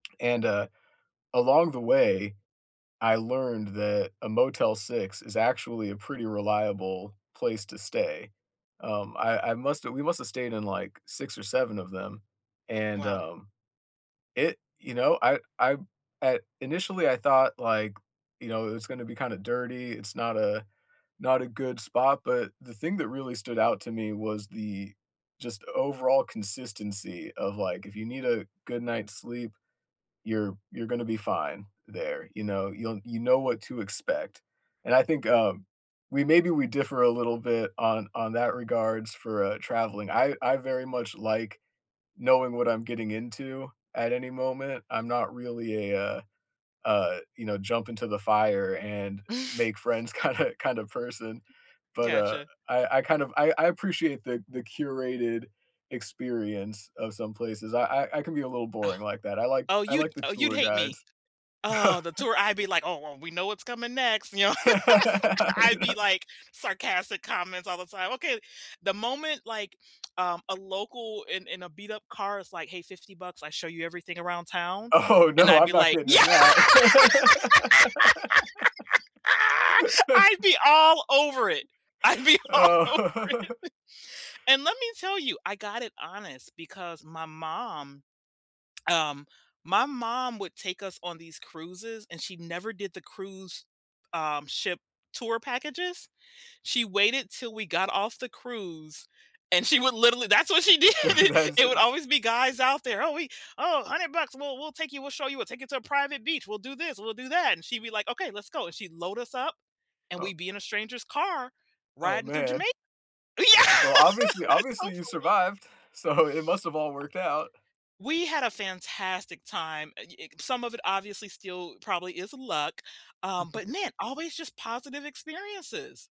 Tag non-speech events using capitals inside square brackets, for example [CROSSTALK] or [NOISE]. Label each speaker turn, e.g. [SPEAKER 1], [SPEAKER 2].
[SPEAKER 1] And, uh, along the way, I learned that a Motel 6 is actually a pretty reliable place to stay. Um, I I must've we must've stayed in like 6 or 7 of them, and,
[SPEAKER 2] Wow.
[SPEAKER 1] um, it you know, I I, uh initially, I thought, like, you know, it was gonna be, kinda, dirty. It's not a not a good spot, but the thing that really stood out to me was the just overall consistency of, like, if you need a good night's sleep, you're you're gonna be fine there, you know, you'll you know what to expect. And I think, um, we maybe we differ a little bit on on that regards for, uh, traveling. I I very much like knowing what I'm getting into at any moment, I'm not really a, uh uh, you know, jump into the fire and
[SPEAKER 2] [CHUCKLES]
[SPEAKER 1] make friends kinda kinda person, but, uh,
[SPEAKER 2] Gotcha.
[SPEAKER 1] I I kind of I I appreciate the the curated experience of some places, I I I can be a little
[SPEAKER 2] Oh,
[SPEAKER 1] boring like that, I like
[SPEAKER 2] oh,
[SPEAKER 1] I
[SPEAKER 2] you'd
[SPEAKER 1] like the
[SPEAKER 2] oh, you'd
[SPEAKER 1] tour
[SPEAKER 2] hate me.
[SPEAKER 1] guides.
[SPEAKER 2] Oh, the
[SPEAKER 1] [CHUCKLES]
[SPEAKER 2] tour. I'd be like, "Oh, well, we know what's coming next," you know,
[SPEAKER 1] [LAUGHS] I
[SPEAKER 2] [LAUGHS] I'd be
[SPEAKER 1] know
[SPEAKER 2] like sarcastic comments all the time, "Okay" The moment like, um, a local in in a beat up car is like, "Hey, 50 bucks, I show you everything around town"
[SPEAKER 1] Oh,
[SPEAKER 2] and
[SPEAKER 1] no.
[SPEAKER 2] I'd
[SPEAKER 1] I'm
[SPEAKER 2] be
[SPEAKER 1] not
[SPEAKER 2] like,
[SPEAKER 1] getting in
[SPEAKER 2] "Yeah!"
[SPEAKER 1] that.
[SPEAKER 2] [LAUGHS] I'd
[SPEAKER 1] [LAUGHS]
[SPEAKER 2] be all over it. I'd be
[SPEAKER 1] [LAUGHS]
[SPEAKER 2] all over
[SPEAKER 1] Oh.
[SPEAKER 2] it.
[SPEAKER 1] [LAUGHS]
[SPEAKER 2] And let me tell you, I got it honest because my mom, um my mom would take us on these cruises and she never did the cruise, um, ship tour packages. She waited till we got off the cruise and she would literally that's what she did
[SPEAKER 1] That
[SPEAKER 2] did.
[SPEAKER 1] that is
[SPEAKER 2] It would
[SPEAKER 1] it.
[SPEAKER 2] always be guys out there, "Oh, we oh, 100 bucks, we'll we'll take you, we'll show you, we'll take you to a private beach, we'll do this, we'll do that." and she'd be like, "Okay, let's go." and she'd load us up, and
[SPEAKER 1] Oh.
[SPEAKER 2] we'd be in a stranger's car
[SPEAKER 1] Oh,
[SPEAKER 2] riding through
[SPEAKER 1] man.
[SPEAKER 2] Jamai yeah,
[SPEAKER 1] Well, obviously
[SPEAKER 2] that's so
[SPEAKER 1] obviously, you
[SPEAKER 2] funny.
[SPEAKER 1] survived, so, it must have all worked out.
[SPEAKER 2] We had a fantastic time, eh, y y some of it obviously still probably is luck, um,
[SPEAKER 1] [CHUCKLES]
[SPEAKER 2] but, man, always just positive experiences.